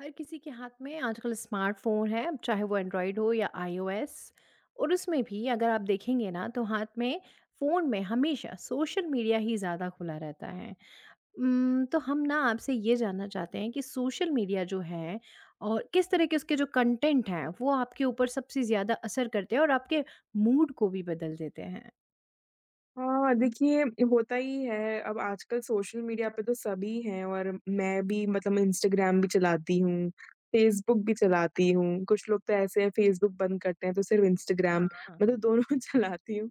हर किसी के हाथ में आजकल स्मार्टफ़ोन है अब चाहे वो एंड्रॉइड हो या आईओएस। और उसमें भी अगर आप देखेंगे ना तो हाथ में, फ़ोन में हमेशा सोशल मीडिया ही ज़्यादा खुला रहता है। उम्म, तो हम ना आपसे ये जानना चाहते हैं कि सोशल मीडिया जो है और किस तरह के उसके जो कंटेंट हैं, वो आपके ऊपर सबसे ज़्यादा असर करते हैं और आपके मूड को भी बदल देते हैं? हाँ देखिए, होता ही है अब आजकल सोशल मीडिया पे तो सभी हैं और मैं भी मतलब इंस्टाग्राम भी चलाती हूँ, फेसबुक भी चलाती हूँ, कुछ लोग तो ऐसे हैं फेसबुक बंद करते हैं तो सिर्फ इंस्टाग्राम, हाँ। मैं तो दोनों चलाती हूँ।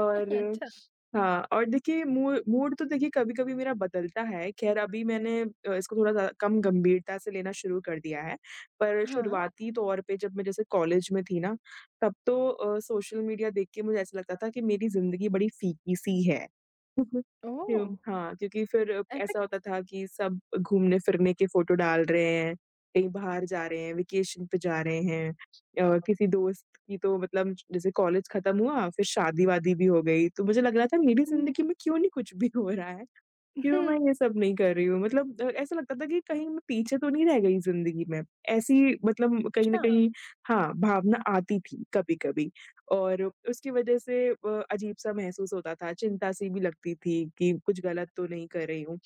अच्छा। हाँ और देखिए मूड मूड तो देखिए कभी-कभी मेरा बदलता है। खैर अभी मैंने अ, इसको थोड़ा ज्या कम गंभीरता से लेना शुरू कर दिया है। पर हाँ। शुरुआती तौर पे जब मैं जैसे कॉलेज में थी ना, तब तो अ, सोशल मीडिया देख के मुझे ऐसा लगता था कि मेरी ज़िंदगी बड़ी फीकी-सी है। ओह! हुँ, हाँ, क्योंकि फिर ऐसा ऐसा होता था कि सब घूमने-फिरने की फ़ोटो डाल रहे हैं, कहीं बाहर जा रहे हैं, वेकेशन पे जा रहे हैं अ, किसी दोस्त की तो मतलब जैसे कॉलेज खत्म हुआ, फिर शादी-वादी भी हो गई, तो मुझे लग रहा था मेरी हुँ। ज़िंदगी में क्यों नहीं कुछ भी हो रहा है? क्यों मैं हुँ। ये सब नहीं कर रही हूँ? मतलब द ऐसा लगता था कि कहीं मैं पीछे तो नहीं रह गई ज़िंदगी में। ऐसी मतलब कहीं न अच्छा। कहीं हाँ, भावना आती थी कभी-कभी और उसकी वजह से अ, अजीब-सा महसूस होता था, चिंता-सी भी लगती थी कि कुछ गलत तो नहीं कर रही हूँ।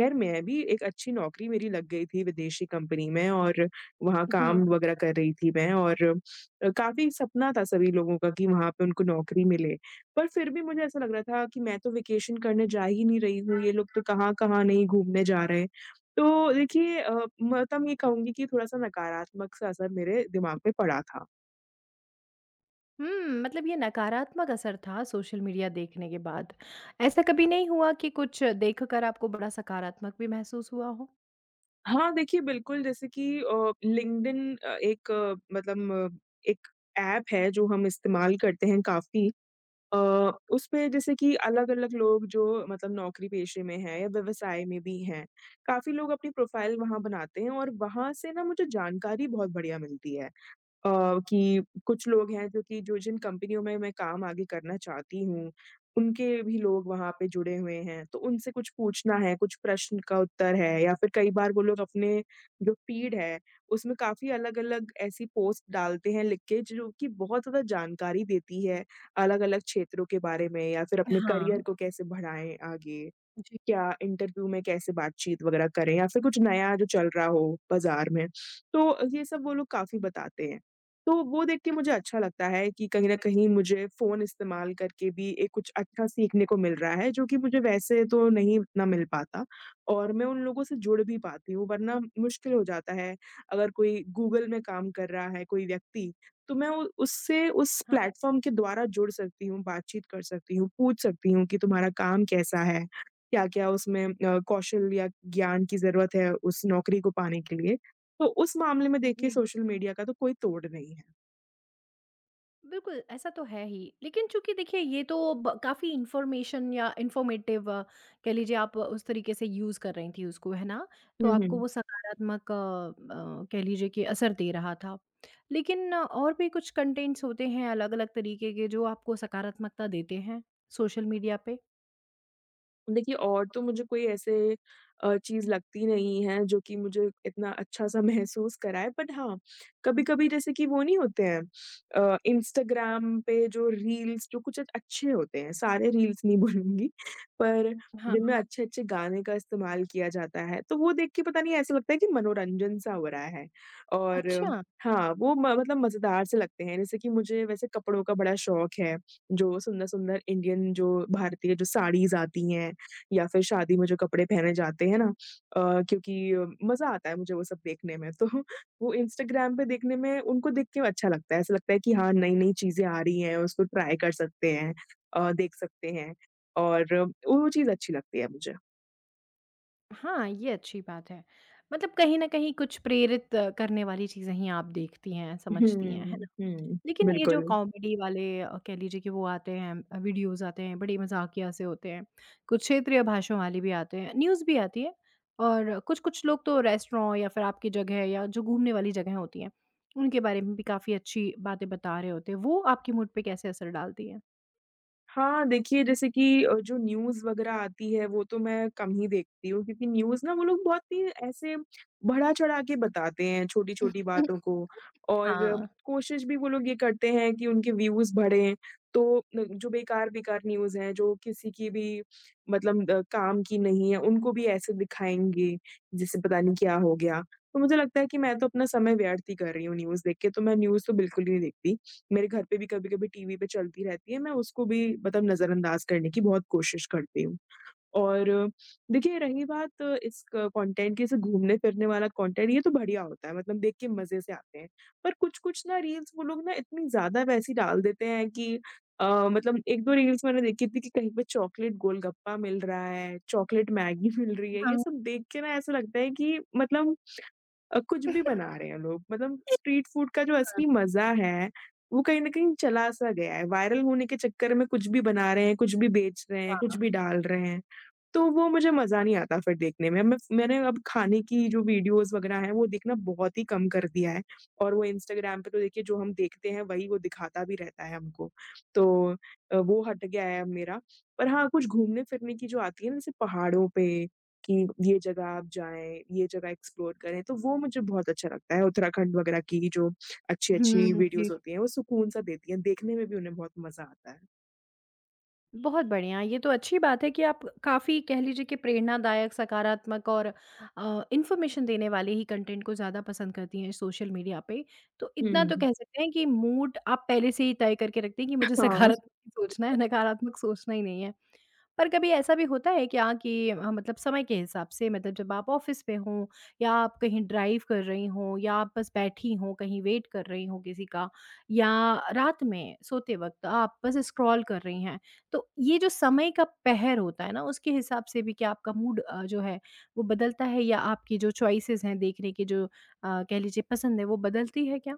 खैर मैं भी एक अच्छी नौकरी मेरी लग गई थी विदेशी कंपनी में और वहाँ जी। काम वगैरह कर रही थी मैं और अ, काफ़ी सपना था सभी लोगों का कि वहाँ पे उनको नौकरी मिले। पर फिर भी मुझे ऐसा लग रहा था कि मैं तो वेकेशन करने जा ही नहीं रही हूँ, ये लोग तो कहाँ-कहाँ नहीं घूमने जा रहे। तो देखिए अ, मतलब मैं कहूँगी कि थोड़ा-सा नकारात्मक सा असर मेरे दिमाग में पड़ा था। हुँ, मतलब ये नकारात्मक असर था सोशल मीडिया देखने के बाद। ऐसा कभी नहीं हुआ कि कुछ देखकर आपको बड़ा सकारात्मक भी महसूस हुआ हो? हाँ, देखिए, बिल्कुल जैसे कि अ, लिंक्डइन अ, एक मतलब एक ऐप है जो हम इस्तेमाल करते हैं काफ़ी। अ, उसपे जैसे कि अलग-अलग लोग जो मतलब नौकरी-पेशे में हैं या व्यवसाय में भी हैं, काफ़ी लोग अपनी प्रोफ़ाइल वहाँ बनाते हैं और वहाँ से ना, मुझे जानकारी बहुत बढ़िया मिलती है। अ, कि कुछ लोग हैं जो कि जो जिन कंपनियों में मैं काम आगे करना चाहती हूँ, उनके भी लोग वहाँ पे जुड़े हुए हैं। तो उनसे कुछ पूछना है, कुछ प्रश्न का उत्तर है या फिर कई बार वो लोग अपने जो फ़ीड हैं, उसमें काफ़ी अलग-अलग ऐसी पोस्ट डालते हैं लिख के जि जो कि बहुत थोड़ा जानकारी देती है अलग-अलग क्षेत्रों के बारे में या फिर अपने करियर हाँ। को कैसे बढ़ाएँ आगे। जी। क्या इंटरव्यू में कैसे बातचीत वगैरह करें या फिर कुछ नया जो चल रहा हो बाज़ार में, तो अ, ये सब वो लोग काफ़ी बताते हैं। तो वो देख के मुझे अच्छा लगता है कि कहीं न कहीं मुझे फ़ोन इस्तेमाल करके भी एक कुछ अच्छा सीखने को मिल रहा है, जो कि मुझे वैसे तो नहीं उतना मिल पाता और मैं उन लोगों से जुड़ भी पाती हूँ वरना म मुश्किल हो जाता है। अगर कोई गूगल में काम कर रहा है कोई व्यक्ति, तो मैं उ उससे उस हाँ। प्लेटफ़ॉर्म के द्वारा जुड़ सकती हूँ, बातचीत कर सकती हूँ, पूछ सकती हूँ कि तुम्हारा काम कैसा है। क्या-क्या उसमें अ, कौशल या ज्ञान की ज़रूरत है उस नौकरी को पाने के लिए। तो उस मामले में देखिए जी। सोशल मीडिया का तो कोई तोड़ नहीं है। बिल्कुल, ऐसा तो है ही। लेकिन चूँकि देखिए, ये तो ब काफ़ी इन्फ़ॉर्मेशन या इन्फ़ॉर्मेटिव कह लीजिए आप उस तरीके से यूज़ कर रही थी उसको, है ना? तो हुँ, आपको हुँ। वो सकारात्मक अ अ, कह लीजिए कि असर दे रहा था। लेकिन और भी कुछ कंटेंट्स होते हैं अलग-अलग तरीके के जो आपको सकारात्मकता देते हैं सोशल मीडिया पे? देखिए और तो मुझे कोई ऐसे अ, चीज़ लगती नहीं है जो कि मुझे इतना अच्छा-सा महसूस कराए बट हाँ, कभी-कभी जैसे कि वो नहीं होते हैं अ, इंस्टाग्राम पे जो रील्स जो कुछ एक अच्छे होते हैं। सारे रील्स नहीं बोलूँगी, पर हाँ। जिनमें अच्छे-अच्छे गाने का इस्तेमाल किया जाता है तो वो देख के पता नहीं ऐसे लगता है कि मनोरंजन-सा हो रहा है और अच्छा। हाँ, वो म मतलब मज़ेदार से लगते हैं। जैसे कि मुझे वैसे कपड़ों का बड़ा शौक है, जो सुंदर-सुंदर इंडियन जो भारतीय जो साड़ीज़ आती हैं या फिर शादी में जो कपड़े पहने जाते हैं ना? अ, क्योंकि मज़ा आता है मुझे वो सब देखने में तो वो इंस्टाग्राम पे देखने में उनको देख के अच्छा लगता है। ऐसा लगता है कि हाँ, नई-नई चीज़ें आ रही हैं, उसको ट्राई कर सकते हैं। अ, देख सकते हैं और और वो चीज़ अच्छी लगती है मुझे। हाँ, ये अच्छी बात है। मतलब कहीं न कहीं कुछ प्रेरित करने वाली चीज़ें ही आप देखती हैं, हुँ, समझती हैं। है हुँ। ना? हुँ, लेकिन ये जो बिल्कुल। कॉमेडी वाले अ, कह लीजिए कि वो आते हैं, वीडियोज़ आते हैं, बड़े मज़ाकिया से होते हैं। कुछ क्षेत्रीय भाषण वाली भी आते हैं, न्यूज़ भी आती है। और कुछ-कुछ लोग तो रेस्टोरॉ या फिर आपकी जगह या जो घूमने वाली जगहें होती हैं। उनके बारे में भी काफ़ी अच्छी बातें बता रहे होते हैं। वो आपके मूड पे कैसे असर डालती हैं? हाँ, देखिए जैसे कि अ, जो न्यूज़ वग़ैरह आती है, वो तो मैं कम ही देखती हूँ क्योंकि न्यूज़ ना वो लोग बहुत ही ऐसे बढ़ा-चढ़ा के बताते हैं छोटी-छोटी बातों को और कोशिश भी वो लोग ये करते हैं कि उनके व्यूज़ बढ़े। तो अ, जो बेकार-बेकार न्यूज़ हैं जो किसी की भी मतलब अ, काम की नहीं है उनको भी ऐसे दिखाएँगे जिससे पता नहीं क्या हो गया। तो मुझे लगता है कि मैं तो अपना समय व्यर्थ ही कर रही हूँ न्यूज़ देख के तो मैं न्यूज़ तो बिल्कुल ही नहीं देखती। मेरे घर पे भी कभी-कभी टीवी पे चलती रहती है मैं उसको भी मतलब नज़रअंदाज़ करने की बहुत कोशिश करती हूँ। और देखिए रही बात इस कंटेंट के से घूमने-फिरने वाला कंटेंट ये तो बढ़िया होता है मतलब देख के मज़े से आते हैं। पर कुछ-कुछ ना रील्स वो लोग ना इतनी ज़्यादा वैसे ही डाल देते हैं कि अ, मतलब 1-2 रील्स मैंने देखी थी कि कहीं पे चॉकलेट गोलगप्पा मिल रहा है, चॉकलेट मैगी मिल रही है ये हाँ। सब देख के ना ऐसा लगता है कि मतलब अ, कुछ भी बना रहे हैं लोग मतलब स्ट्रीट फूड का जो हाँ। असली मज़ा है वो कहीं न कहीं चला-सा गया है। वायरल होने के चक्कर में कुछ भी बना रहे हैं, कुछ भी बेच रहे हैं, कुछ हाँ। भी डाल रहे हैं। तो वो मुझे मज़ा नहीं आता फिर देखने में। मैं फ मैंने अब खाने की जो वीडियोज़ वग़ैरह हैं, वो देखना बहुत ही कम कर दिया है और वो इंस्टाग्राम पे तो देखिए जो हम देखते हैं वही वो दिखाता भी रहता है हमको। तो अ, वो हट गया है अब मेरा। पर हाँ कुछ घूमने-फिरने की जो आती है ना जैसे पहाड़ों पे कि ये जगह आप जाएँ, ये जगह एक्सप्लोर करें, तो वो मुझे बहुत अच्छा लगता है उत्तराखंड वग़ैरह की जो हुँ, अच्छी-अच्छी हुँ। जी। वीडियोज़ होती हैं, वो सुकून सा देती हैं। देखने में भी उन्हें बहुत मज़ा आता है। बहुत बढ़िया, ये तो अच्छी बात है कि आप काफ़ी कह लीजिए कि प्रेरणादायक, सकारात्मक और अ, इन्फॉर्मेशन देने वाले ही कंटेंट को ज़्यादा पसंद करती हैं सोशल मीडिया पे। तो हुँ, इतना तो हुँ। कह सकते हैं कि मूड आप पहले से ही तय करके रखती हैं कि मुझे हाँ। सकारात्मक सोचना है नकारात्मक सोचना ही नहीं है। पर कभी ऐसा भी होता है क्या कि अ, मतलब समय के हिसाब से मतलब जब आप ऑफ़िस पे हो या आप कहीं ड्राइव कर रही हो या आप बस बैठी हो कहीं वेट कर रही हो किसी का या रात में सोते वक़्त आप बस स्क्रॉल कर रही हैं, तो ये जो समय का पहर होता है ना उसके हिसाब से भी क्या आपका मूड अ, जो है वो बदलता है या आपकी जो चॉइसेस हैं देखने की जो अ, कह लीजिए पसंद है वो बदलती है क्या?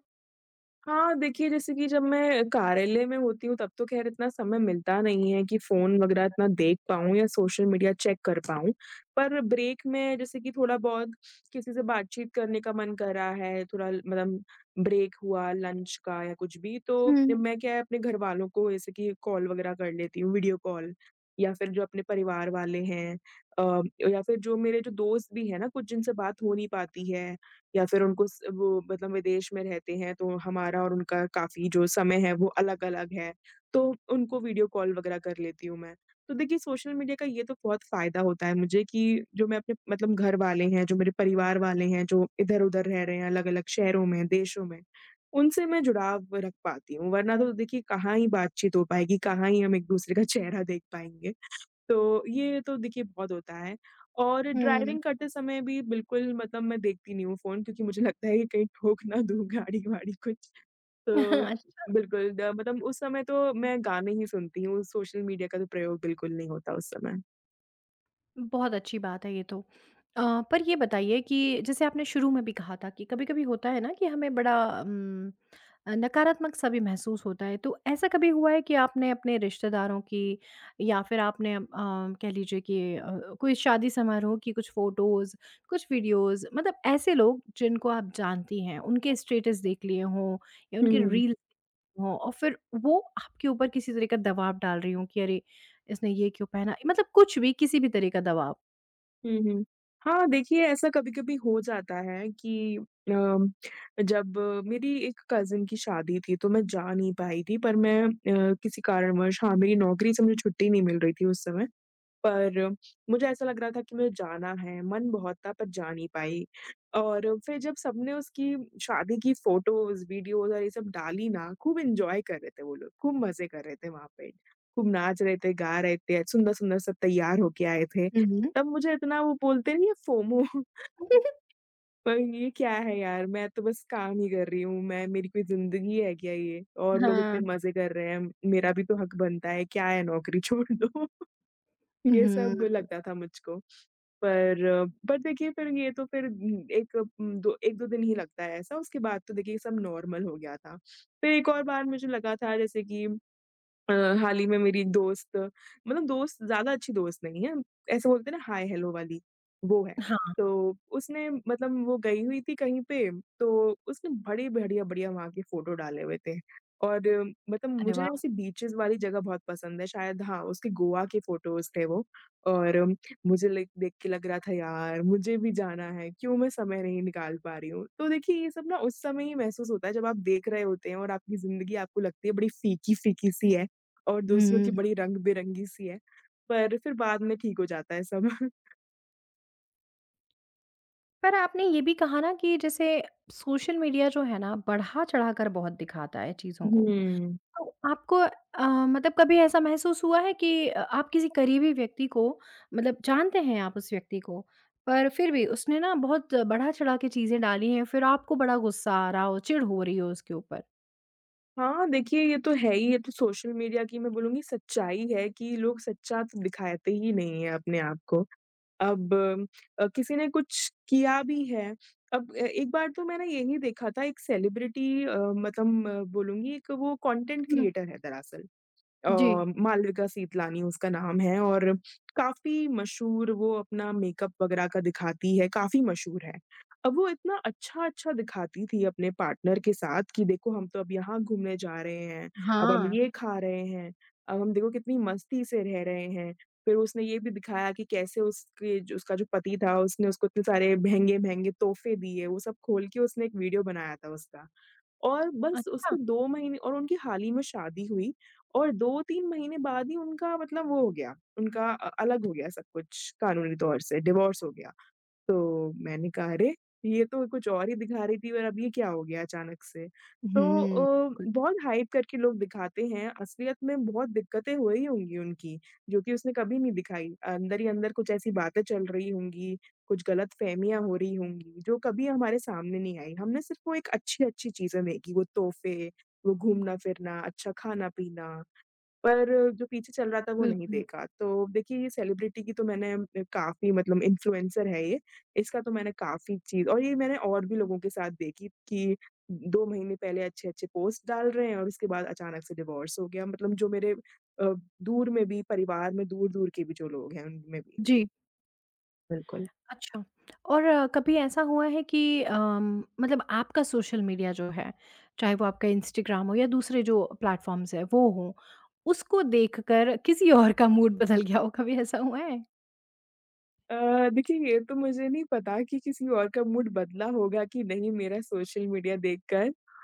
हाँ, देखिए जैसे कि जब मैं कार्यालय में होती हूँ तब तो ख़ैर इतना समय मिलता नहीं है कि फ़ोन वग़ैरह इतना देख पाऊँ या सोशल मीडिया चेक कर पाऊँ। पर ब्रेक में जैसे कि थोड़ा बहुत, किसी से बातचीत करने का मन करा है थोड़ा ल मतलब ब्रेक हुआ लंच का या कुछ भी तो, हुँ। मैं क्या है अपने घरवालों को जैसे कि कॉल वग़ैरह कर लेती हूँ, वीडियो कॉल या फिर जो अपने परिवार वाले हैं अ, या फिर जो मेरे जो दोस्त भी है ना कुछ जिनसे बात हो नहीं पाती है या फिर उनको उस वो मतलब विदेश में रहते हैं तो हमारा और उनका काफ़ी जो समय है वो अलग-अलग है तो उनको वीडियो कॉल वग़ैरह कर लेती हूँ मैं। तो देखिए सोशल मीडिया का ये तो बहुत फ़ायदा होता है मुझे कि जो मैं अपने मतलब घर वाले हैं जो मेरे परिवार वाले हैं जो इधर-उधर रह रहे हैं अलग-अलग शहरों में देशों में, उनसे मैं जुड़ाव रख पाती हूँ वरना तो देखिए कहाँ ही बातचीत हो पाएगी, कहाँ ही हम एक-दूसरे का चेहरा देख पाएँगे। तो ये तो देखिए बहुत होता है और हुँ। ड्राइविंग करते समय भी बिल्कुल मतलब मैं देखती नहीं हूँ फ़ोन क्योंकि मुझे लगता है कि कहीं ठोक ना दूँ गाड़ी-वाड़ी कुछ। तो, अच्छा। बिल्कुल द मतलब उस समय तो मैं गाने ही सुनती हूँ, सोशल मीडिया का तो प्रयोग बिल्कुल नहीं होता उस समय। बहुत अच्छी बात है ये तो अ, पर ये बताइए कि जैसे आपने शुरू में भी कहा था कि कभी-कभी होता है ना कि हमें बड़ा उम, अ, नकारात्मक-सा भी महसूस होता है तो ऐसा कभी हुआ है कि आपने अपने रिश्तेदारों की या फिर आपने अ, कह लीजिए कि अ, कोई शादी समारोह की कुछ फ़ोटोज़, कुछ वीडियोज़, मतलब ऐसे लोग जिनको आप जानती हैं, उनके [unintelligible] स्टेटस देख लिए हों या उनके हुँ। रील हों और फिर वो आपके ऊपर किसी तरीके का दबाव डाल रही हों कि अरे! इसने ये क्यों पहना मतलब कुछ भी, किसी भी तरह का दबाव? हुँ, हुँ। हाँ, देखिए ऐसा कभी-कभी हो जाता है कि अ, जब मेरी एक कज़िन की शादी थी, तो मैं जा नहीं पाई थी पर मैं अ, किसी कारणवश हाँ, मेरी नौकरी से मुझे छुट्टी नहीं मिल रही थी उस समय, पर मुझे ऐसा लग रहा था कि मुझे जाना है, मन बहुत था पर जा नहीं पाई और फिर जब सबने उसकी शादी की फ़ोटोज़, वीडियोज़ और ये सब डाली ना, खूब एन्जॉय कर रहे थे वो लोग, खूब मज़े कर रहे थे वहाँ पे, खूब नाच रहे थे, गा रहे थे, सुंदर-सुंदर सब तैयार होके आए थे, हुँ, हुँ। तब मुझे इतना, वो बोलते नहीं है फ़ोमो पर ये क्या है यार, मैं तो बस काम ही कर रही हूँ, मैं मेरी कोई ज़िंदगी है क्या ये और लोग इतने हाँ। मज़े कर रहे हैं, मेरा भी तो हक़ बनता है, क्या है नौकरी, छोड़ दो ये सब हुँ। लगता था मुझको, पर बट देखिए फिर ये तो फिर एक उम, दो 1-2 दिन ही लगता है ऐसा, उसके बाद तो देखिए सब नॉर्मल हो गया था, फिर एक और बार मुझे लगा था जैसे कि अ, हाल ही में मेरी एक दोस्त मतलब दोस्त ज़्यादा अच्छी दोस्त नहीं है, ऐसे बोलते हैं ना, हाय-हेलो वाली, वो है। हाँ। तो उसने मतलब वो गई हुई थी कहीं पे, तो उसने बड़ी बढ़िया-बढ़िया वहाँ की फ़ोटो डाले हुए थे और मतलब अरे मुझे वाह! ऐसी बीचेज़ वाली जगह बहुत पसंद हैं शायद हाँ, उसके गोवा के फ़ोटोज़ थे वो और मुझे लाईक देख के लग रहा था, यार मुझे भी जाना है, क्यों मैं समय नहीं निकाल पा रही हूँ तो देखिए ये सब ना उस समय ही महसूस होता है जब आप देख रहे होते हैं और आपकी ज़िंदगी आपको लगती है बड़ी फ़ीकी-फ़ीकी सी है और दूसरों की हुँ। बड़ी रंग-बिरंगी सी है, पर फिर बाद में ठीक हो जाता है सब। पर आपने ये भी कहा ना कि जैसे सोशल मीडिया जो है ना, बढ़ा-चढ़ाकर बहुत दिखाता है चीज़ों को। हुँ। तो आपको अ, मतलब कभी ऐसा महसूस हुआ है कि अ, आप किसी करीबी व्यक्ति को मतलब जानते हैं आप उस व्यक्ति को, पर फिर भी उसने ना बहुत बढ़ा-चढ़ा के चीज़ें डाली हैं, फिर आपको बड़ा गुस्सा आ रहा हो, चिढ़ हो रही हो उसके ऊपर? हाँ, देखिए ये तो है ही, ये तो सोशल मीडिया की मैं बोलूँगी सच्चाई है कि लोग सच्चा त दिखाते ही नहीं हैं अपने आप को अब अ, किसी ने कुछ किया भी है अब ए एक बार तो मैंने यही देखा था एक सेलिब्रिटी अ, मतलब बोलूँगी एक वो कॉन्टेंट हुँ। क्रिएटर है दरअसल। अ, जी। मालविका सीतलानी उसका नाम है और काफ़ी मशहूर वो अपना मेकअप वगैरह का दिखाती है, काफ़ी मशहूर है। अब वो इतना अच्छा-अच्छा दिखाती थी अपने पार्टनर के साथ कि देखो, हम तो अब यहाँ घूमने जा रहे हैं, अब हम हाँ। ये खा रहे हैं, अब हम देखो कितनी मस्ती से रह रहे हैं। फिर उसने ये भी दिखाया कि कैसे उसके जो उसका जो पति था, उसने उसको इतने सारे महँगे-महँगे तोहफ़े दिए। वो सब खोल के उसने एक वीडियो बनाया था उसका और बस अच्छा। उसके 2 महीने और उनकी हाल ही में शादी हुई और 2-3 महीने बाद ही उनका मतलब वो हो गया। उनका अ, अलग हो गया सब कुछ कानूनी तौर से, डिवोर्स हो गया। तो मैंने कहा, "अरे! ये तो कुछ और ही दिखा रही थी और अब ये क्या हो गया अचानक से?" तो उहुँ, अ, कुल। बहुत हाइप करके लोग दिखाते हैं, असलियत में बहुत दिक्कतें हुई होंगी उनकी, जो कि उसने कभी नहीं दिखाई। अंदर ही अंदर कुछ ऐसी बातें चल रही होंगी, कुछ गलतफ़हमियाँ हो रही होंगी जो कभी हमारे सामने नहीं आईं। हमने सिर्फ़ वो एक अच्छी-अच्छी चीज़ें देखी, वो तोहफ़े वो घूमना-फिरना, अच्छा खाना-पीना, पर जो पीछे चल रहा था, वो नहीं बिल्कुल। देखा। तो देखिए, ये सेलिब्रिटी की तो मैंने ए काफ़ी मतलब इन्फ्लुएंसर है ये। इसका तो मैंने काफ़ी चीज़ और ये मैंने और भी लोगों के साथ देखी कि उ उ 2 महीने पहले अच्छे-अच्छे पोस्ट डाल रहे हैं और उसके बाद अचानक से डिवोर्स हो गया। मतलब जो मेरे अ, दूर में भी, परिवार में दूर-दूर के भी जो लोग हैं, उनमें भी। जी। बिल्कुल। अच्छा, और कभी ऐसा हुआ है कि अम, मतलब आपका सोशल मीडिया जो है, चाहे वो आपका इंस्टाग्राम हो या दूसरे जो प्लेटफ़ॉर्म्स हैं, वो हों, उसको देखकर किसी और का मूड बदल गया हो, कभी ऐसा हुआ है? अ, देखिए, ये तो मुझे नहीं पता कि, किसी और का मूड बदला होगा कि नहीं मेरा सोशल मीडिया देखकर। अ,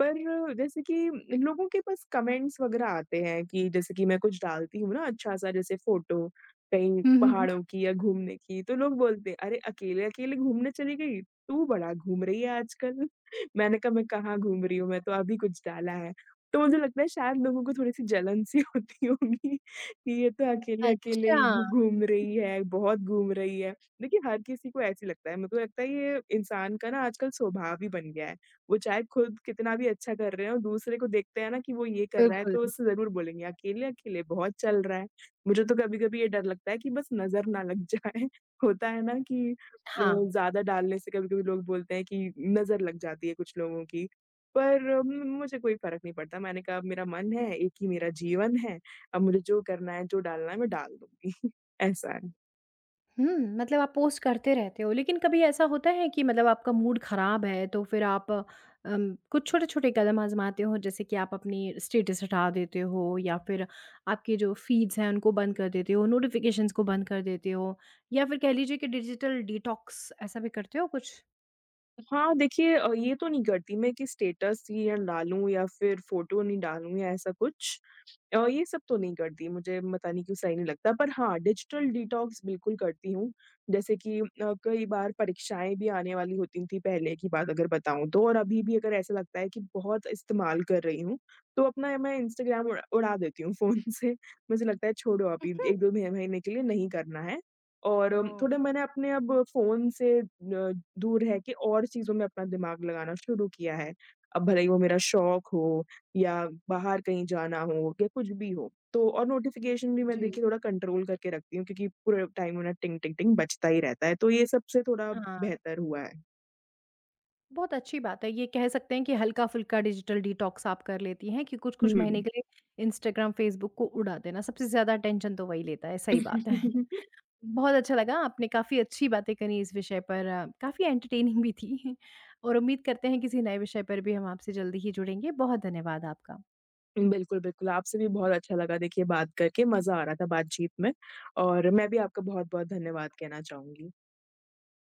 पर जैसे कि इन लोगों के पास कमेंट्स वग़ैरह आते हैं कि जैसे कि मैं कुछ डालती हूँ ना अच्छा-सा, जैसे फ़ोटो कहीं हुँ, हुँ, हुँ। पहाड़ों की या घूमने की तो लोग बोलते हैं, "अरे! अकेले-अकेले घूमने चली गई। तू बड़ा घूम रही है आजकल।" मैंने कहा, "मैं कहाँ घूम रही हूँ, मैं तो अभी कुछ डाला है।" तो मुझे लगता है शायद लोगों को थोड़ी-सी जलन-सी होती होगी, कि ये तो अकेले-अकेले ही अच्छा। घू घूम रही है, बहुत घूम रही है। देखिए, हर किसी को ऐसा ही लगता है। मेको लगता है ये इंसान का ना आजकल स्वभाव ही बन गया है। वो चाहे खुद कितना भी अच्छा कर रहे हों, दूसरे को देखते हैं ना कि वो ये कर रहा है बिल्कुल। तो उससे ज़रूर बोलेंगे, "अकेले-अकेले बहुत चल रहा है।" मुझे तो कभी-कभी ये डर लगता है कि बस नज़र ना लग जाए। होता है ना कि अ, हाँ। ज़्यादा डालने से कभी-कभी लोग बोलते हैं कि नज़र लग जाती है कुछ लोगों की, पर म मुझे कोई फ़र्क नहीं पड़ता। मैंने कहा, "मेरा मन है, 1 ही मेरा जीवन है। अब मुझे जो करना है, जो डालना है मैं डाल दूँगी।" ऐसा है। हुँ, मतलब आप पोस्ट करते रहते हो, लेकिन कभी ऐसा होता है कि मतलब आपका मूड खराब है तो फिर आप उम, कुछ छोटे-छोटे कदम आज़माते हो जैसे कि आप अपनी स्टेटस हटा देते हो या फिर आपके जो फ़ीड्स हैं उनको बंद कर देते हो, नोटिफिकेशंस को बंद कर देते हो, या फिर कह लीजिए कि डिजिटल डिटॉक्स, ऐसा भी करते हो कुछ? हाँ देखिए अ, ये तो नहीं करती मैं कि स्टेटस ही न डालूँ या फिर फ़ोटो नहीं डालूँ या ऐसा कुछ अ, ये सब तो नहीं करती मुझे पता नहीं क्यों सही नहीं लगता पर हाँ, डिजिटल डिटॉक्स बिल्कुल करती हूँ। जैसे कि अ, कई बार परीक्षाएँ भी आने वाली होती थी पहले की बात अगर बताऊँ तो और अभी भी अगर ऐसा लगता है कि बहुत इस्तेमाल कर रही हूँ, तो अपना मैं इंस्टाग्राम उ उड़ा देती हूँ फ़ोन से, मुझे लगता है छोड़ो अभी एक दो मह महीने के लिए नहीं करना है। और थोड़े मैंने अपने अब फ़ोन से अ, दूर रह के और चीज़ों में अपना दिमाग लगाना शुरू किया है, अब भले ही वो मेरा शौक हो या बाहर कहीं जाना हो या कुछ भी हो। तो और नोटिफिकेशन भी मैं जी। देखिए थोड़ा कंट्रोल करके रखती हूँ क्योंकि पूरे टाइम उन्हें टिंग टिंग टिंग बजता ही रहता है। तो ये सबसे थोड़ा हाँ। बेहतर हुआ है। बहुत अच्छी बात है, ये कह सकते हैं कि हल्का-फुल्का डिजिटल डिटॉक्स आप कर लेती हैं कि हुँ, कुछ-कुछ महीने हुँ। के लिए इंस्टाग्राम, फेसबुक को उड़ा देना सबसे ज़्यादा अटेंशन तो वही लेता है, सही बात है। बहुत अच्छा लगा, आपने काफ़ी अच्छी बातें करी इस विषय पर काफ़ी एंटरटेनिंग भी थी। और उम्मीद करते हैं किसी नए विषय पर भी हम आपसे जल्दी ही जुड़ेंगे। बहुत धन्यवाद आपका। बिल्कुल, बिल्कुल, आपसे भी बहुत अच्छा लगा देखिए बात करके, मज़ा आ रहा था बातचीत में और मैं भी आपका बहुत-बहुत धन्यवाद कहना चाहूँगी।